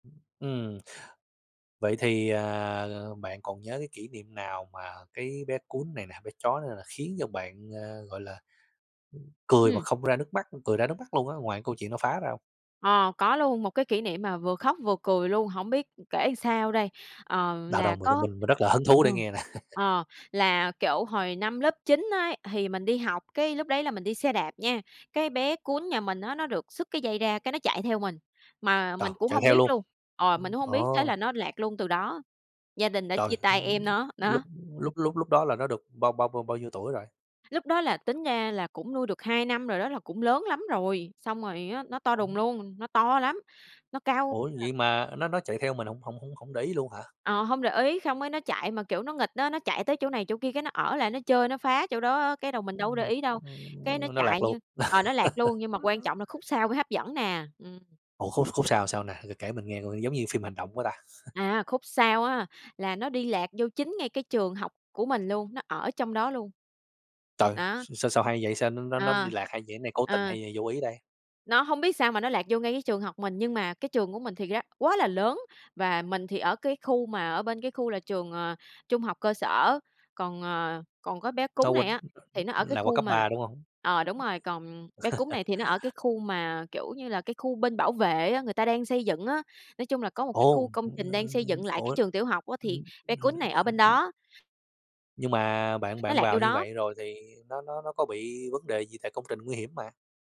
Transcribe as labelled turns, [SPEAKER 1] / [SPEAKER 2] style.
[SPEAKER 1] Ừm, vậy thì, ờ, bạn còn nhớ cái kỷ niệm nào mà cái bé cún này nè, bé chó này nè khiến cho bạn, a, gọi là, ừm, cười mà
[SPEAKER 2] Ừm.
[SPEAKER 1] không ra nước mắt, ưm cười ra nước mắt luôn á, ngoài câu chuyện nó phá ra hông?
[SPEAKER 2] Ờ, có luôn, một cái kỷ niệm mà vừa khóc vừa cười luôn, hổng biết, ừm, kể sao đây. Ờ,
[SPEAKER 1] Đâu, đâu,
[SPEAKER 2] là
[SPEAKER 1] mình, ơ,
[SPEAKER 2] có
[SPEAKER 1] mình mình rất là hứng thú
[SPEAKER 2] ờ,
[SPEAKER 1] để nghe nè.
[SPEAKER 2] ờ là kiểu hồi năm lớp 9 ấy, thì mình đi học, cái lúc đấy là mình đi xe đạp nha, cái bé cún nhà mình á, nó được sứt cái dây ra cái nó chạy theo mình, mà
[SPEAKER 1] Ờ,
[SPEAKER 2] mình cũng
[SPEAKER 1] chạy
[SPEAKER 2] hông
[SPEAKER 1] theo
[SPEAKER 2] biết
[SPEAKER 1] luôn?
[SPEAKER 2] luôn ờ, mình
[SPEAKER 1] Ừm,
[SPEAKER 2] cũng hông
[SPEAKER 1] ờ.
[SPEAKER 2] biết, thế là nó lạc luôn từ đó, gia đình đã
[SPEAKER 1] Trời,
[SPEAKER 2] chia tay em
[SPEAKER 1] ưm,
[SPEAKER 2] nó,
[SPEAKER 1] lúc
[SPEAKER 2] đó.
[SPEAKER 1] lúc lúc lúc đó là nó được bao bao bao bao nhiêu tuổi rồi?
[SPEAKER 2] Lúc đó là tính ra là cũng nuôi được 2 năm rồi đó, là cũng lớn lắm rồi, xong rồi á, nó to đùng
[SPEAKER 1] [unintelligible]
[SPEAKER 2] luôn, nó to lắm, nó cao
[SPEAKER 1] Ủa
[SPEAKER 2] [unintelligible]
[SPEAKER 1] vậy mà nó nó chạy theo mình hổng hổng hổng để ý luôn hả?
[SPEAKER 2] Ờ, hông để ý, xong cái nó chạy mà, kiểu, nó nghịch á, nó chạy tới chỗ này chỗ kia, cái nó ở lại nó chơi, nó phá chỗ đó á, cái đầu mình đâu có để
[SPEAKER 1] Ừm,
[SPEAKER 2] ý đâu.
[SPEAKER 1] ơ,
[SPEAKER 2] Cái nó
[SPEAKER 1] nó lạc
[SPEAKER 2] chạy
[SPEAKER 1] luôn?
[SPEAKER 2] như ờ, nó lạc luôn, nhưng mà quan trọng là khúc sau mới hấp dẫn nè. Ừm.
[SPEAKER 1] Ủa khúc khúc sau sao nè? Kể kể mình nghe coi giống như phim hành động quá ta.
[SPEAKER 2] À, khúc sau á, là nó đi lạc vô chính ngay cái trường học của mình luôn, nó ở trong đó luôn.
[SPEAKER 1] Trời,
[SPEAKER 2] Đó.
[SPEAKER 1] s sao sao hay vậy? Sao nó nó nó đi
[SPEAKER 2] Ờ.
[SPEAKER 1] lạc hay vậy, này cố tình
[SPEAKER 2] Ờ.
[SPEAKER 1] hay hay vô ý đây?
[SPEAKER 2] Nó hông biết sao mà nó lạc vô ngay cái trường học mình, nhưng mà cái trường của mình thiệt ra quá là lớn, và mình thì ở cái khu mà ở bên cái khu là trường, ờ, trung học cơ sở, còn, ờ còn có bé cún
[SPEAKER 1] Nó quên
[SPEAKER 2] này á, thì nó ở cái
[SPEAKER 1] là qua
[SPEAKER 2] khu
[SPEAKER 1] cấp
[SPEAKER 2] mà
[SPEAKER 1] 3, đúng hông?
[SPEAKER 2] ờ, đúng rồi, còn bé cún này thì nó ở cái khu mà, kiểu như là, cái khu bên bảo vệ á, người ta đang xây dựng á. Nói chung là có một cái khu
[SPEAKER 1] Ồ,
[SPEAKER 2] công
[SPEAKER 1] ơ,
[SPEAKER 2] trình đang xây dựng lại cái
[SPEAKER 1] ủa?
[SPEAKER 2] trường tiểu học á, thì
[SPEAKER 1] Ưm
[SPEAKER 2] bé cún này ở bên
[SPEAKER 1] [unintelligible]
[SPEAKER 2] đó.
[SPEAKER 1] Nhưng mà bạn
[SPEAKER 2] Nó
[SPEAKER 1] bạn
[SPEAKER 2] lạc
[SPEAKER 1] vào
[SPEAKER 2] vô
[SPEAKER 1] như
[SPEAKER 2] đó.
[SPEAKER 1] vậy rồi thì nó nó nó có bị vấn đề gì? Tại công trình nguy hiểm mà.